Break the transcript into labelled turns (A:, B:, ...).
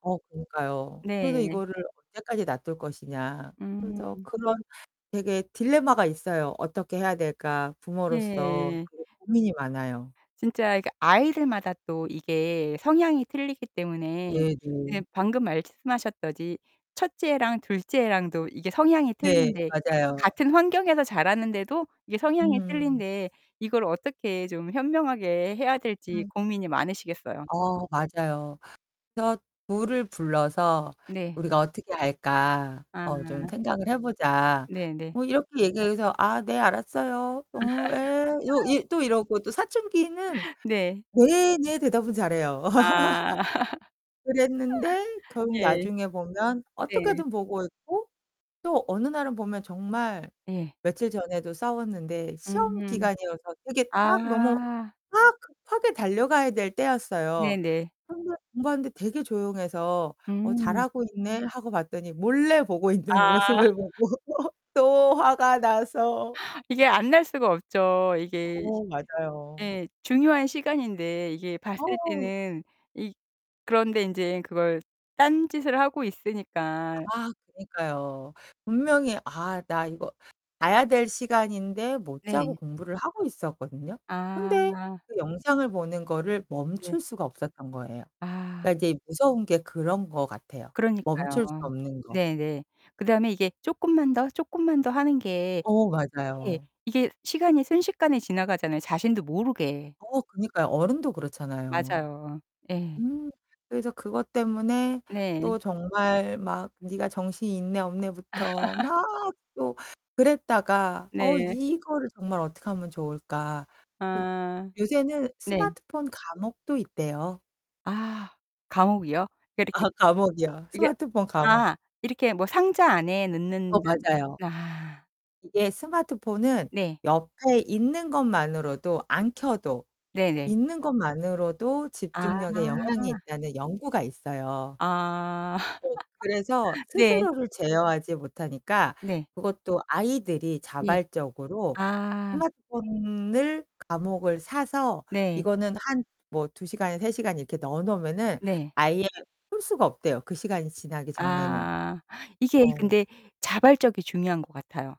A: 어 그니까요. 그래서
B: 네.
A: '이거를 언제까지 놔둘 것이냐?' 그래서
B: 음.
A: 그런 되게 딜레마가 있어요. '어떻게 해야 될까?' 부모로서
B: 예.
A: 되게 고민이 많아요.
B: 진짜 이 그 아이들마다 또 이게 성향이 틀리기 때문에
A: 네 네.
B: 네 방금 말씀하셨듯이 첫째랑 둘째 애랑도 이게 성향이
A: 네.
B: 틀린데
A: 맞아요.
B: 같은 환경에서 자라는데도 이게 성향이
A: 음.
B: 틀린데 이걸 어떻게 좀 현명하게 해야 될지
A: 음.
B: 고민이 많으시겠어요.
A: 어 맞아요. 그래서 둘을 불러서
B: 네.
A: "우리가 어떻게 할까? 어 좀
B: 아.
A: 생각을 해 보자."
B: 네네.
A: 뭐 이렇게 얘기해서 "아 네, 알았어요. 어 에." 요 이 또 이러고 또 사춘기는
B: 네.
A: "네. 네." 대답은 잘해요.
B: 아.
A: 그랬는데 결국
B: 예.
A: 나중에 보면
B: 네.
A: 어떻게든 보고 있고 또 어느 날은 보면 정말
B: 예.
A: 며칠 전에도 싸웠는데 시험
B: 음.
A: 기간이어서 되게 막 너무
B: 아.
A: 막 급하게 달려가야 될 때였어요.
B: 네네.
A: 혼자 공부하는데 되게 조용해서 '어
B: 음.
A: 잘하고 있네.' 하고 봤더니 몰래 보고 있는
B: 아.
A: 모습을 보고 또 화가 나서
B: 이게 안 날 수가 없죠. 이게
A: 어 맞아요.
B: 예. 중요한 시간인데 이게 봤을
A: 어.
B: 때는 이 그런데 인제 그걸 딴 짓을 하고 있으니까.
A: 아 그니까요. 분명히 아 나 이거 자야 될 시간인데 못 자고
B: 네.
A: 공부를 하고 있었거든요. 근데
B: 아.
A: 그 영상을 보는 거를
B: 네.
A: 멈출 수가 없었던 거예요.
B: 아.
A: 그러니까 이제 무서운 게 그런 것 같아요, 멈출 수
B: 그러니까요.
A: 없는 거.
B: 네네. 그다음에 이게 쪼끔만 더, 조끔만 더 하는 게
A: 어
B: 예.
A: 맞아요.
B: 이게 시간이 순식간에 지나가잖아요, 자신도 모르게.
A: 어 그니까요. 어른도 그렇잖아요.
B: 맞아요. 예.
A: 음. 그래서 그것 때문에
B: 네.
A: 또 정말 막 니가 정신이 있네 없네부터 막 또 그랬다가 어
B: 네.
A: '이거를 정말 어떡하면 좋을까?' 그
B: 아.
A: 요새는
B: 네.
A: 스마트폰 감옥도 있대요.
B: 아 감옥이요? 그 이렇게
A: 아 감옥이요,
B: 이게
A: 스마트폰 감옥.
B: 아 이렇게 뭐 상자 안에
A: 어
B: 넣는
A: 맞아요.
B: 아.
A: 이게 스마트폰은
B: 네.
A: 옆에 있는 것만으로도 안 켜도
B: 네네.
A: 있는 것만으로도
B: 아.
A: 집중력에 영향이 있다는 연구가 있어요.
B: 아.
A: 어 그래서
B: 네.
A: 스스로를 제어하지 못하니까
B: 네.
A: 그것도 아이들이
B: 예.
A: 자발적으로
B: 아.
A: 스마트폰을 감옥을 사서
B: 네.
A: 이거는 한 뭐 2 시간이나 3 시간 이렇게 넣어 놓으면은
B: 네.
A: 아예 쓸 수가 없대요, 그 시간이 지나기 전에는.
B: 아. 이게
A: 어.
B: 근데 자발적이 중요한 것 같아요